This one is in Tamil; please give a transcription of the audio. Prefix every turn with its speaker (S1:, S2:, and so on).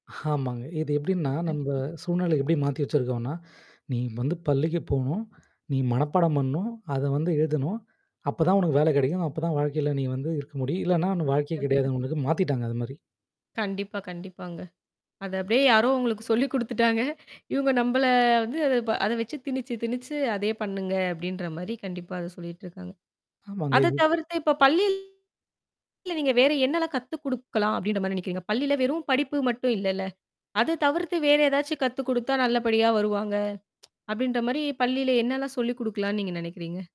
S1: ஆமாங்க. இது எப்பிடின்னா நம்ப
S2: கண்டிப்பா
S1: சூழ்நிலை எப்பிடி மாத்தி வச்சிருக்கோன்னா, நீ வந்து பள்ளிக்கு போணும், நீ மனப்பாடம் பண்ணணும், அத வந்து எழுதணும். அப்பதான் உனக்கு வேலை கிடைக்கும். அப்பதான் வாழ்க்கையில நீ வந்து இருக்க முடியும். இல்லன்னா உனக்கு வாழ்க்கையே கிடையாது உனக்கு. மாத்திட்டாங்க, அதுமாரி.
S2: கண்டிப்பா, கண்டிப்பாங்க. அத அப்பிடியே யாரோ உங்களுக்குச் சொல்லிக் கொடுத்துட்டாங்க. இவுங்க நம்மள வந்து அத ப வச்சு திணிச்சு, திணிச்சு அதையே பண்ணுங்க அப்பிடின்றமாரி கண்டிப்பா அத சொல்லிட்டுருக்காங்க.
S1: ஆமாங்க
S2: அத
S1: இது
S2: தவிர்த்து, இப்ப பள்ளி இல்ல நீங்க வேற என்னல்லாம் கத்து கொடுக்கலாம் அப்பிடின்றமாரி நினைக்கிறீங்க? பள்ளியில வெறும் படிப்பு மட்டும் இல்லல. அது தவிர்த்து வேற எதாச்சு கத்து கொடுத்தா நல்லபடியா வருவாங்க அப்பிடின்றமாரி பள்ளியில என்னல்லாம் சொல்லிக் கொடுக்கலான்னு நீங்க நினைக்கிறீங்க?